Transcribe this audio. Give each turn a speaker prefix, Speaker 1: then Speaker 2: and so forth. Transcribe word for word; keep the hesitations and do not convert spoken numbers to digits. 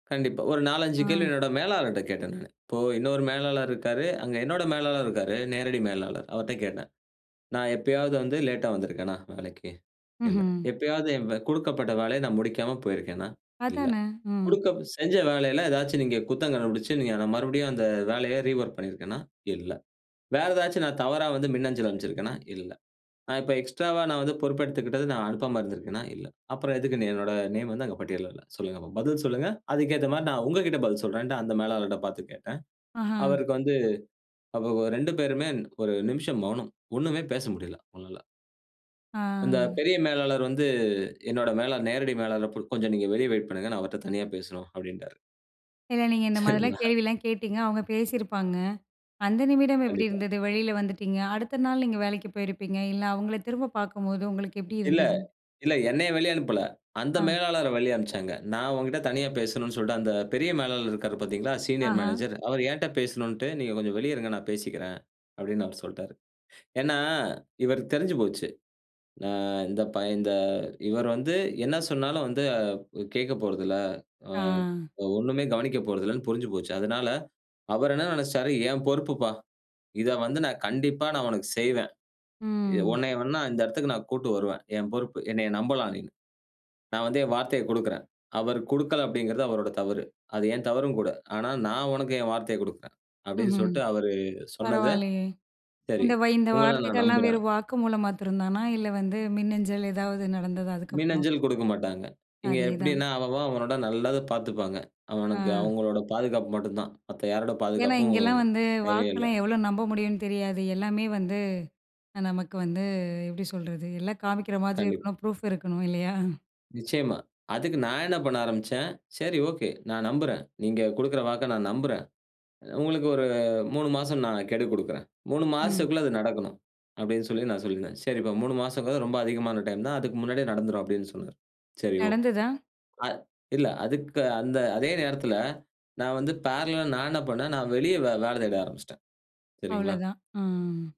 Speaker 1: கண்டிப்பா. ஒரு நாலஞ்சு கேள்வி
Speaker 2: ஆ.
Speaker 1: என்னோட மேலாளர்கிட்ட கேட்டேன் நான். இப்போ இன்னொரு மேலாளர் இருக்காரு. அங்கே என்னோட மேலாளர் இருக்காரு. நேரடி மேலாளர். அவர்ட்ட கேட்டேன். நான் எப்பயாவது வந்து லேட்டா வந்திருக்கேனா வேலைக்கு? இல்ல.
Speaker 2: ம்ஹ்ம்.
Speaker 1: எப்பயாவது என் கொடுக்கப்பட்ட வேலைய நான் முடிக்காம போயிருக்கேனா? இல்ல.
Speaker 2: அதானே! ம்.
Speaker 1: கொடுக்கப் செஞ்ச வேலையில ஏதாச்சும் நீங்க குத்தம் கண்டுபிடிச்சு, நீங்க நான் மறுபடியும் அந்த வேலைய ரீவொர்க் பண்ணியிருக்கேனா? இல்ல. வேற ஏதாச்சும் நான் தவறா வந்து மின்னஞ்சல் அனுப்பிச்சிருக்கேனா? இல்ல. நான் இப்ப எக்ஸ்ட்ராவா நான் வந்து பொறுப்பு எடுத்துக்கிட்டது நான் அனுப்பாம இருந்திருக்கேனா? இல்ல. அப்புறம் எதுக்கு என்னோட நேம் வந்து அங்கு பட்டியல்ல இல்ல? சொல்லுங்க. [unintelligible] பதில் சொல்லுங்க. அதுக்கு ஏத்தமாரி நான் உங்கக்கிடட பதில் சொல்றேன்ட்டு அந்த மேலாளர்ட்ட பார்த்து கேட்டேன்.
Speaker 2: ஆஹா!
Speaker 1: அவருக்கு வந்து [unintelligible] ரெண்டு பேருமே ஒரு நிமிஷம் மௌனம். ஒண்ணுமே பேச முடியல, அவுங்கனால. அந்த
Speaker 2: ஆ.
Speaker 1: பெரிய மேலாளர் வந்து, என்னோட மேலாளர் நேரடி மேலாளர் இப்ப கொஞ்சம் நீங்க வெளிய வெயிட் பண்ணுங்க. நான் அவர்ட்ட தனியா பேசணும் அப்பிடின்ட்டாரு.
Speaker 2: இல்ல. நீங்க இந்த மாதிரிலாம்
Speaker 1: சரிங்களா?
Speaker 2: கேள்விலாம் கேட்டீங்க. அவுங்க பேசியிருப்பாங்க. அந்த நிமிடம் எப்பிடி
Speaker 1: கண்டிப்பா.
Speaker 2: இருந்தது? வெளில வந்துட்டீங்க. அடுத்த நாள் நீங்க வேலைக்கு போயிருப்பீங்க. இல்ல, அவுங்களே திரும்ப பார்க்கும்போது உங்களுக்கு எப்பிடி
Speaker 1: இல்ல.
Speaker 2: இருந்தது?
Speaker 1: இல்ல. என்னைய வெளிய அனுப்பல. அந்த
Speaker 2: ஆ.
Speaker 1: மேலாளர வெளிய அனுப்பிச்சாங்க. நான் உன்கிட்ட தனியா பேசணுன்னு சொல்ட்டு, அந்த பெரிய மேலாளர் இருக்காரு பார்தீங்களா! சீனியர்
Speaker 2: ஆஹா!
Speaker 1: மேனேஜர். அவரு என்ட்ட பேசணுன்ட்டு, நீங்க கொஞ்சம் வெளிய இருங்க, நான் பேசிக்கிறேன், அப்பிடின்னு அவர் சொல்ட்டாரு. ஏன்னா, இவருக்கு தெரிஞ்சு போச்சு. ஆ இந்த பைய இந்த இவரு வந்து என்ன சொன்னாலும் வந்து அ கேட்கப் போறதில்ல. அ,
Speaker 2: ஆ.
Speaker 1: அ ஒண்ணுமே கவனிக்கப் போறதில்லன்னு புரிஞ்சு போச்சு. அதனால அவரு என்ன நினச்சுட்டாரு, என் பொறுப்புப்பா! இத வந்து நான் கண்டிப்பா நான் உனக்கு செய்வேன். எ
Speaker 2: ம்.
Speaker 1: உன்னைய வேணா இந்த இடத்துக்கு நான் கூட்டிட்டு வருவேன், என் பொறுப்பு. என்னைய நம்பலாம் நீனு! நான் வந்து என் வார்த்தையக் கொடுக்கிறேன். அவரு கொடுக்கல அப்பிடிங்கிறது அவரோட தவறு. அது என் தவறும் கூட. ஆனா நான் உனக்கு என் வார்த்தையக் கொடுக்கிறேன். அப்பிடின்னு
Speaker 2: ம்ஹ்ம்.
Speaker 1: சொல்ட்டு அவரு சொன்னத,
Speaker 2: பரவாயில்லயே!
Speaker 1: சரி.
Speaker 2: இந்த வய் இந்த
Speaker 1: உங்கள நான்
Speaker 2: வார்த்தைகள்லாம்
Speaker 1: நம்புறேன்.
Speaker 2: வெறும் வாக்கு மூலமா மாத்திரம்தானா? இல்ல வந்து மின்னஞ்சல் ஏதாவது நடந்ததா அதுக்கப்புறம்?
Speaker 1: மின்னஞ்சல் கொடுக்க மாட்டாங்க. இங்கே
Speaker 2: அதே தான்.
Speaker 1: எப்பிடின்னா அவன், அவன் அவனோட நல்லத பார்த்துப்பாங்க. அவனுக்கு
Speaker 2: ஆ.
Speaker 1: அவுங்களோட பாதுகாப்பு மட்டும் தான். மத்த யாரோட
Speaker 2: ஏன்னா,
Speaker 1: பாதுகாப்பும்
Speaker 2: இங்கேலாம் வந்து
Speaker 1: தேவையே இல்ல.
Speaker 2: வாக்கெல்லாம் எவ்ளோ நம்ப முடியுன்னு தெரியாது. எல்லாமே வந்து, நமக்கு வந்து எப்பிடி சொல்றது? எல்லாம் காமிக்கிற மாதிரி
Speaker 1: கண்டிப்பா.
Speaker 2: இருக்கணும். ப்ரூஃப் இருக்கணும் இல்லயா!
Speaker 1: நிச்சயமா. அதுக்கு நான் என்ன பண்ண ஆரம்பிச்சேன், சரி. ஓகே. நான் நம்புறேன். நீங்க கொடுக்கிற வாக்க நான் நம்புறேன். உங்களுக்கு ஒரு மூணு மாசம் நான் கெடு கொடுக்கிறேன். மூணு
Speaker 2: ம்.
Speaker 1: மாசத்துக்குள்ள அது நடக்கணும். அப்பிடின்னு சொல்லி நான் சொல்லியிருந்தேன். சரிப்பா! மூணு மாசம்ங்கிறது ரொம்ப அதிகமான டைம் தான். அதுக்கு முன்னாடியே நடந்துரும் அப்பிடின்னு சொன்னாரு. சரி ஓகே.
Speaker 2: நடந்ததா?
Speaker 1: அ இல்ல அதுக்கு அந்த அதே நேரத்தில நான் வந்து ஃபேரலலா நான் என்ன பண்ணேன், நான் வெளிய வே வேல தேட ஆரம்பிச்சிட்டேன். சரிங்களா!
Speaker 2: அவ்ளதான், ஆ.